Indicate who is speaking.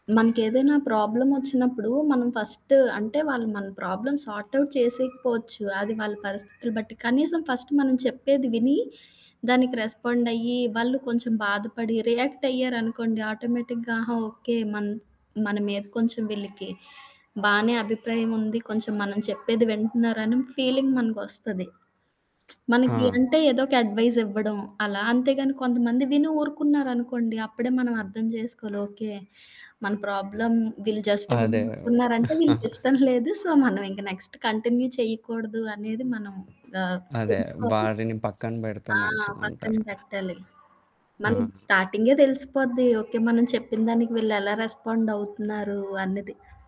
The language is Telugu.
Speaker 1: మనకేదైనా ప్రాబ్లమ్ ఒచ్చినప్పుడు, మనం ఫస్ట్ అంటే, వాళ్ళు మన ప్రాబ్లమ్ సార్ట్ఔట్ చేసేయకపోవచ్చు అది వాళ్ళ పరిస్థితులు బట్టి. కనీసం ఫస్ట్ మనం చెప్పేది విని, దానికి రెస్పాండ్ అయ్యి, వాళ్ళు కొంచెం బాధపడి రియాక్టయ్యారనుకోండి, ఆటోమేటిక్‌గా, ఆహా! ఓకే. మన్ మన మీద కొంచెం వీళ్ళకి బానే అభిప్రాయం ఉంది. కొంచెం మనం చెప్పేది వింటున్నారని ఫీలింగ్ మనకొస్తది. మనకి
Speaker 2: ఆ!
Speaker 1: అంటే, ఏదో ఒక అడ్వైజ్ ఇవ్వడం అలా. అంతేగాని కొంతమంది విని ఊరుకున్నారనుకోండి, అప్పుడే మనం అర్థం జేసుకోవాలి. ఓకే. మన ప్రాబ్లమ్ వీళ్ళు జస్ట్ విని
Speaker 2: అదే.
Speaker 1: ఊరుకున్నారంటే, వీళ్ళకి ఇష్టం లేదు. సో, మనం ఇంకా నెక్స్ట్ కంటిన్యూ చేయకూడదు, అనేది మనం ఆహ్,
Speaker 2: అదే
Speaker 1: తెలుసుకోాలి.
Speaker 2: వారిని పక్కన పెడితే
Speaker 1: ఆ! పక్కన
Speaker 2: మంచిదంటారు.
Speaker 1: బెట్టాలి. మనం
Speaker 2: ఆ!
Speaker 1: స్టార్టింగే తెలిసిపోద్ది. ఓకే, మనం చెప్పినదానికి వీళ్ళు ఎలా రెస్పాండ్ అవుతున్నారు అన్నది.